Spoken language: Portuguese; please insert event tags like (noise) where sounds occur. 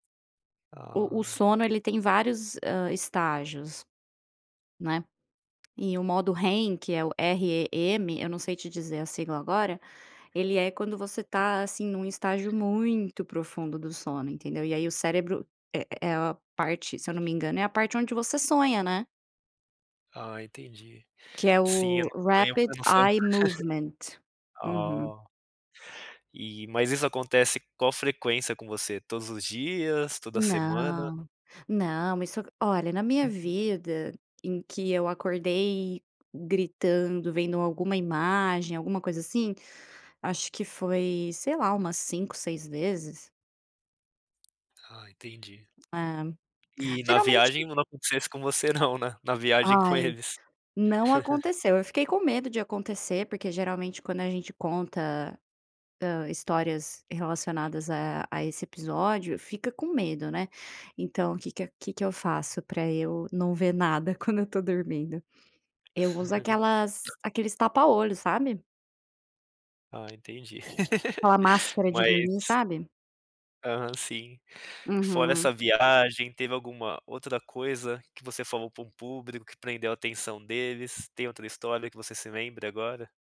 O o sono, Ai. ele tem vários, hã, estágios, né, e o modo REM, que é o R E M, eu não sei te dizer a sigla agora, ele é quando você está, assim, em um estágio muito profundo do sono, entendeu. E aí o cérebro é é a parte se eu não me engano, é a parte onde você sonha, né. Ah, entendi. Que é Sim, eu o não ganho rapid eu não sou eye movement. (laughs) Uhum. oh. E mas isso acontece qual frequência com você? Todos os dias, toda semana? Não. Não, isso olha, na minha vida em que eu acordei gritando vendo alguma imagem, alguma coisa assim, acho que foi, sei lá, umas 5 6 vezes. Ah entendi. É. E na Geralmente viagem não aconteceu isso com você não, né. Na viagem com Ai, eles. não (laughs) aconteceu, eu fiquei com medo de acontecer, porque geralmente, quando a gente conta, hã, histórias relacionadas a a esse episódio, fica com medo, né. Então o que que a que que eu faço para eu não ver nada quando eu estou dormindo, eu uso aquelas (laughs) aqueles tapa olho, sabe. Ah, entendi. Aquela (laughs) máscara de dormir, Mas sabe? Aham, sim. Fora Uhum. essa viagem, teve alguma outra coisa que você falou para um público que prendeu a atenção deles? Tem outra história que você se lembre agora?